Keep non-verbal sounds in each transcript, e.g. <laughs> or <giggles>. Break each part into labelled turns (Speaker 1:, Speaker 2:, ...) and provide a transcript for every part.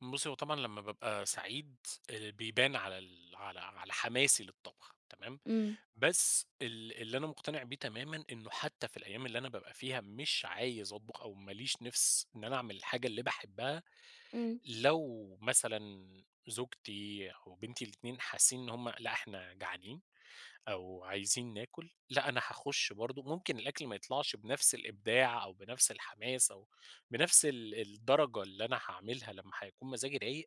Speaker 1: بُصّي، هو طبعًا لمّا بابقى سعيد آآ، بيبان على ال على على حماسي للطبخ تمام،
Speaker 2: إمم.
Speaker 1: بس ال اللي أنا مقتنع بيه تمامًا، إنه حتى في الأيام اللي أنا بابقى فيها مش عايز أطبخ، أو ما ليش نِفس إن أنا اعمل الحاجة اللي باحبها،
Speaker 2: إمم.
Speaker 1: لو مثلًا زوجتي أو بنتي الاتنين حاسّين إن هُم لأ إحنا جعانين، أو عايزين ناكل، لأ أنا حاخُش برضه، ممكن الأكل ما يطلعش بنفس الإبداع أو بنفس الحماس، أو بنفس ال الدرجة اللي أنا حاعملها لمّا حيكون مزاجي رايق،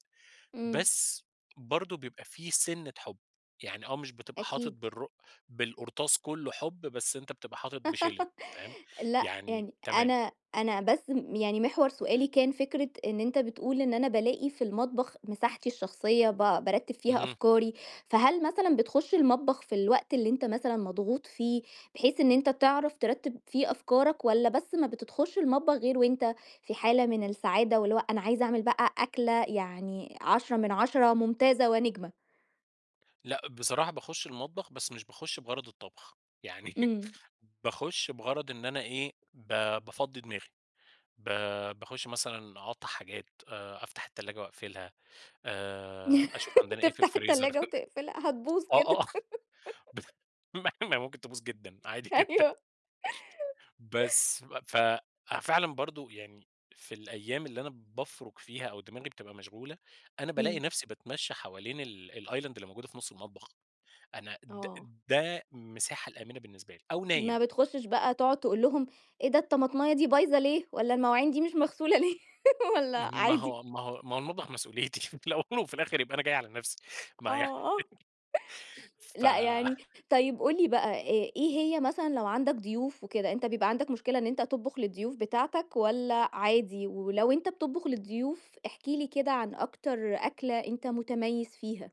Speaker 2: إمم.
Speaker 1: بس برضه بيبقى في سِنّة حُب، يعني آه مش بتبقى حاطط
Speaker 2: أكيد.
Speaker 1: بالرق بالقرطاس كلّه حُب، بس أنت بتبقى حاطط بشِلِن فاهم؟
Speaker 2: <laughs> لأ،
Speaker 1: يعني
Speaker 2: يعني
Speaker 1: تمام.
Speaker 2: أنا أنا بس م يعني محور سؤالي كان فكرة إن أنت بتقول إن أنا بالاقي في المطبخ مساحتي الشخصية، با بارتّب فيها
Speaker 1: اهم.
Speaker 2: أفكاري، فهل مثلًا بتخش المطبخ في الوقت اللي أنت مثلًا مضغوط فيه، بحيث إن أنت تعرف ترتّب فيه أفكارك، والَّا بس ما بتدخلش المطبخ غير وأنت في حالة من السعادة، واللي هو أنا عايز أعمل بقى أكلة يعني 10 من 10 ممتازة ونجمة.
Speaker 1: لأ، بصراحة باخُش المطبخ بس مش باخُش بغرض الطبخ، يعني <laughs>
Speaker 2: إمم.
Speaker 1: باخُش بغرض إن أنا إيه، ب بافضّي دماغي، ب باخُش مثلًا أقطّع حاجات، آآ، أفتح التلاجة وأقفلها آآ، أشوف
Speaker 2: <laughs>
Speaker 1: عندنا إيه في
Speaker 2: تفتح
Speaker 1: الفريزر،
Speaker 2: التلاجة وتقفلها،
Speaker 1: <laughs>
Speaker 2: هتبوظ
Speaker 1: آه، آه،
Speaker 2: كده.
Speaker 1: آه، <chuckles>
Speaker 2: <giggles>
Speaker 1: ما هي ما هي ممكن تبوظ جدًا، عادي جدًا
Speaker 2: أيوه. <laughs>
Speaker 1: بس، ف أ فعلًا برضه يعني في الأيام اللي أنا بافرُك فيها، أو دماغي بتبقى مشغولة، أنا بالاقي
Speaker 2: إمم.
Speaker 1: نفسي باتمشى حوالين ال الأيلِند اللي موجودة في نُصّ المطبخ، أنا د
Speaker 2: آه.
Speaker 1: ده مساحة الآمنة بالنسبة لي، أو نايم.
Speaker 2: ما بتخشّش بقى تقعُد تقول لهم إيه ده، الطماطماية دي بايظة ليه؟ والَّا المواعين دي مش مغسولة ليه، <laughs> والَّا
Speaker 1: م ما
Speaker 2: عادي؟
Speaker 1: هو ما هو ما هو المطبخ مسؤوليتي <laughs> في الأول وفي الآخر يبقى أنا جاي على نفسي ما يعني
Speaker 2: آه. <chuckles>
Speaker 1: <chuckles> ف
Speaker 2: لأ، يعني طيب قُل لي بقى آآ، إيه هي مثلًا لو عندك ضيوف وكده، أنت بيبقى عندك مشكلة إن أنت تطبخ للضيوف بتاعتك والَّا عادي؟ ولو أنت بتطبخ للضيوف احكِ لي كده عن أكتر أكلة أنت مُتميّز فيها؟